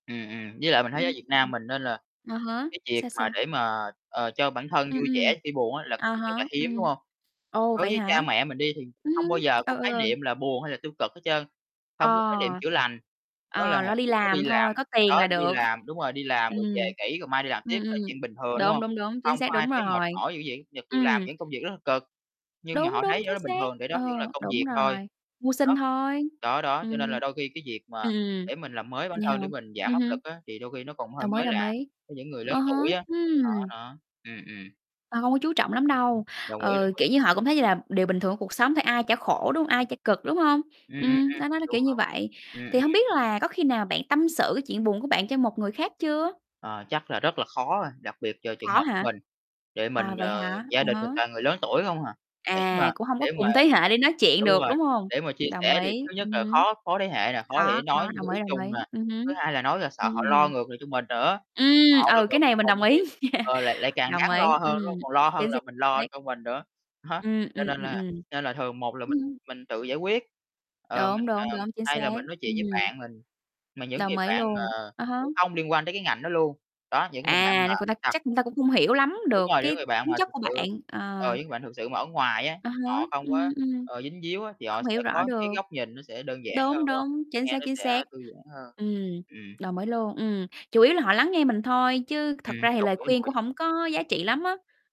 Ừm, ừm, với lại mình thấy Ưm, ở Việt Nam ừm. mình nên là À hả, cái việc sao, mà sao? để mà, ờ, cho bản thân Ừm, vui ừm. vẻ khi buồn á là cái À chuyện rất ha, là hiếm, đúng ừm, hông? ồ, Đối vậy với cha hả? mẹ mình đi thì Ừm không bao hứm, giờ ừ, có ừ, khái ừ. niệm là buồn hay là tiêu cực hết trơn, Ờ. không có khái niệm chữa lành. Đó là Ờ, lo đi chỉ có đi làm làm, thôi, có tiền đó, là đi được. làm đúng rồi, đi làm Ừm, rồi về nghỉ rồi mai đi làm tiếp ừm, ừm. thôi, chuyện bình thường, đúng Đúng, hông? đúng, đúng, chính Không xác, có ai đúng thấy mệt rồi. mỏi dữ vậy, nhật chịu làm Ừm. những công việc rất là cực, nhưng mà Đúng, họ thấy đúng, điều chính đó bình xác, thường, tại đó ờ, vẫn là công đúng việc thôi. rồi, mưu sinh Đó. thôi, Đó, đó, ừm. cho nên là đôi khi cái việc mà Ừm, ừm, ừm. để mình làm mới bản Vậy hả? thân, để mình giảm Ưm áp hưm. lực á thì đôi khi nó cũng hơi Đồng ý, mới đồng lạ ý. với những người lớn Ờ hở, tuổi á, đó, ừm. đó, ừm, ừm. Ta hông có chú trọng lắm đâu, Đồng ý, đồng ừ, ý. kiểu như, họ cũng thấy như là điều bình thường của cuộc sống thôi, ai chả khổ, đúng hông? Ai chả cực, đúng hông? Ừm, ừm, Ừm, ừm, nó nó nó đúng, kiểu như đúng. vậy. Ừm, Thì ừm. hông biết là có khi nào bạn tâm sự cái chuyện buồn của bạn cho một người khác chưa? Ờ, chắc là rất là khó, a, đặc biệt cho trường Khó hợp của hả? mình, để mình, Ờ, vậy ờ hả? gia À đình mình há. toàn người lớn tuổi không hà, để mà À, cũng hông để có mà cùng thế hệ để nói chuyện đúng được, rồi, đúng hông? để mà chia Đồng sẻ thì ý, thứ nhất ừm là hứm. khó phối thế hệ nè, khó Khó, để nói khó, những đồng cái ý, ý đồng chung ý, nà. ừm Thứ hứm. hai là nói ra sợ họ lo Ừm. ngược lại cho mình nữa, họ Ừm, lo ừ, ngược cái cho này mình mình đồng thì, ý nha, ờ, lại lại càng đồng đáng ý, lo hơn, ừm, đúng hông? Còn lo hơn chính xác là mình lo xác. cho mình nữa. Đó, Ừm, cho ừm, nên ừm, là ừm. nên là thường một là Ừm, mình ừm. mình tự giải quyết, ờ, mình, Đúng, đúng, ờ đúng, chính hai là xác, mình nói chuyện ừm. với bạn mình, mà những Đồng người ý bạn luôn, mà à ha. cũng hông liên quan tới cái ngành đó luôn. Đó, những người bạn À, mà [unintelligible] thật chắc người ta cũng không hiểu lắm Đúng được rồi, những cái người bạn tính mà chất thực của sự bạn, ờ, ờ. những người bạn thực sự mà ở ngoài á, Ờ hở, họ không có, ừm, ừm. ờ, dính díu á thì họ Không sẽ hiểu rõ có cái được. góc nhìn nó sẽ đơn giản hơn, Đúng, đúng hông? đúng, chính Nghe xác, nó chính sẽ xác. thư giãn hơn. Ừm, Ừm. đồng ý luôn, ừm, chủ yếu là họ lắng nghe mình thôi, chứ thật Ừm, ra thì đồng lời ý, khuyên đồng ý. cũng hổng có giá trị lắm á.